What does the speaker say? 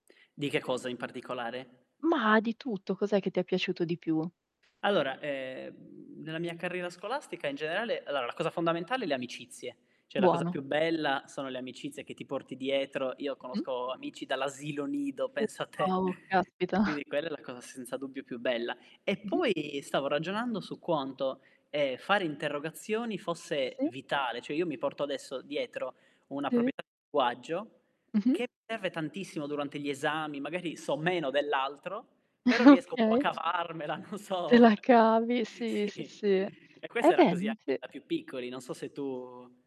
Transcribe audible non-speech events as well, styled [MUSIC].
Di che cosa in particolare? Mah, di tutto, cos'è che ti è piaciuto di più? Allora, ehm, nella mia carriera scolastica in generale allora la cosa fondamentale è le amicizie, cioè la cosa Buono. più bella sono le amicizie che ti porti dietro. Io Mh-mh. conosco amici dall'asilo nido, [UNINTELLIGIBLE] pensa te. po', caspita. Quindi quella è la cosa senza dubbio più bella. E Mh-mh. poi stavo ragionando su quanto, ehm, fare interrogazioni fosse Sì. vitale, cioè io mi porto adesso dietro una Sì. proprietà di linguaggio Mh-mh. che serve tantissimo durante gli esami, magari so meno dell'altro, però [CHUCKLES] riesco un po' a Okay. cavarmela, non Te so la cavi, sì, sì, sì, sì. e Eh questo era beh, così n anche sì. da più piccoli, non so se tu